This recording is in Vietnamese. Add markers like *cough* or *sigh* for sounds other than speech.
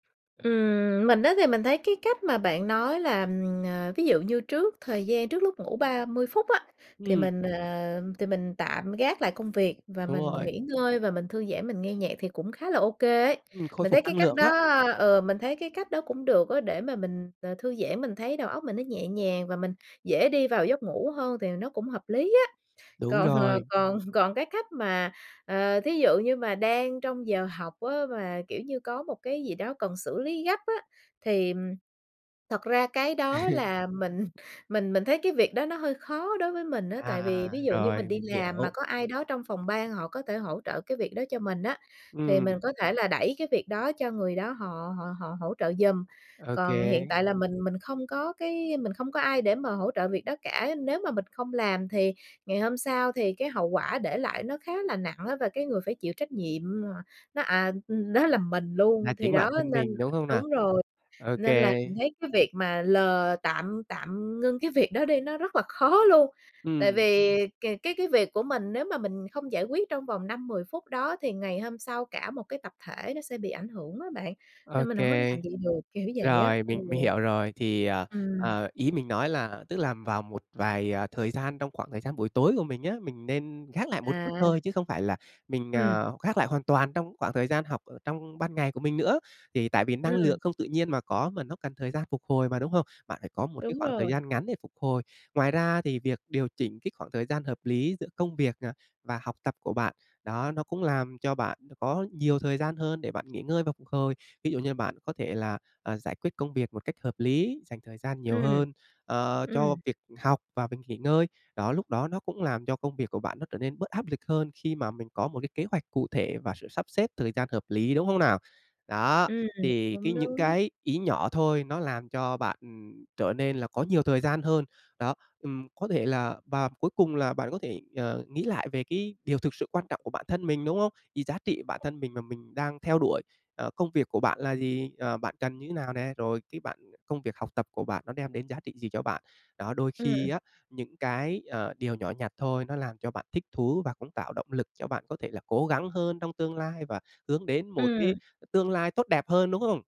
Ừm, mình á, thì mình thấy cái cách mà bạn nói là, ờ, ví dụ như trước thời gian trước lúc ngủ 30 phút á, thì Ừm. mình ờ, thì mình tạm gác lại công việc và Đúng mình rồi. nghỉ ngơi, và mình thư giãn, mình nghe nhạc thì cũng khá là ô kê ấy. Ừm, khôi Mình phục thấy cái năng cách lượng á. đó ờ, mình thấy cái cách đó cũng được á, để mà mình, ờ, thư giãn mình thấy đầu óc mình nó nhẹ nhàng và mình dễ đi vào giấc ngủ hơn thì nó cũng hợp lý á. Đúng Còn ờ, rồi. còn còn cái cách mà, ờ, thí dụ như mà đang trong giờ học á, mà, kiểu như, có một cái gì đó cần xử lý gấp á, thì, ừm, thật ra cái đó là *laughs* mình mình mình thấy cái việc đó nó hơi khó đối với mình á. Tại vì À, ví dụ như mình rồi, đi mình làm mà hiểu. có ai đó trong phòng ban họ có thể hỗ trợ cái việc đó cho mình á, thì mình Ừm. có thể là đẩy cái việc đó cho người đó họ họ họ hỗ trợ giùm. Ô Còn hiện kê. tại là mình mình không có cái mình không có ai để mà hỗ trợ việc đó cả. Nếu mà mình không làm thì ngày hôm sau thì cái hậu quả để lại nó khá là nặng á, và cái người phải chịu trách nhiệm mà nó à ừm, nó là mình Là luôn! Thì chính đó bản thân nên mình, đúng không nào? đúng rồi, Ô nên là kê. mình thấy cái việc mà lờ tạm tạm ngưng cái việc đó đi nó rất là khó luôn. Tại Ừm. vì c cái cái việc của mình nếu mà mình không giải quyết trong vòng 5-10 phút đó thì ngày hôm sau cả một cái tập thể nó sẽ bị ảnh hưởng á bạn, Ô nên mình hổng có kê. làm vậy được, kiểu vậy á. Rồi, Ừ. mình mình hiểu rồi, thì, ờ, Ừm. ờ, ý mình nói là tức là vào một vài, ờ, thời gian trong khoảng thời gian buổi tối của mình á, mình nên gác lại một chút À. thôi chứ không phải là mình, Ừm. à, khác lại hoàn toàn trong khoảng thời gian học ở trong ban ngày của mình nữa. Thì tại vì năng Ừm. lượng không tự nhiên mà có, mà nó cần thời gian phục hồi mà, đúng hông? Bạn phải có một cái Đúng khoảng thời rồi. gian ngắn để phục hồi. Ngoài ra thì việc điều chỉnh cái khoảng thời gian hợp lý giữa công việc, à, và học tập của bạn đó, nó cũng làm cho bạn có nhiều thời gian hơn để bạn nghỉ ngơi và phục hồi. Thí dụ như bạn có thể là, à, giải quyết công việc một cách hợp lý, dành thời gian nhiều Ừm. hơn, ờ, cho Ừm. việc học và việc nghỉ ngơi. Đó, lúc đó nó cũng làm cho công việc của bạn nó trở nên bớt áp lực hơn khi mà mình có một cái kế hoạch cụ thể và sự sắp xếp thời gian hợp lý, đúng hông nào? Đó, Ừm, thì cái cũng những đúng. cái ý nhỏ thôi nó làm cho bạn trở nên là có nhiều thời gian hơn. Đó, ừm, có thể là và cuối cùng là bạn có thể, ờ, nghĩ lại về cái điều thực sự quan trọng của bản thân mình, đúng hông? Vì giá trị bản thân mình mà mình đang theo đuổi, ờ, công việc của bạn là gì, ờ, bạn cần như thế nào nè, rồi cái bạn công việc, học tập của bạn nó đem đến giá trị gì cho bạn? Đó, đôi khi Ừm. á, những cái, ờ, điều nhỏ nhặt thôi nó làm cho bạn thích thú và cũng tạo động lực cho bạn có thể là cố gắng hơn trong tương lai và hướng đến một Ừm. cái tương lai tốt đẹp hơn, đúng hông?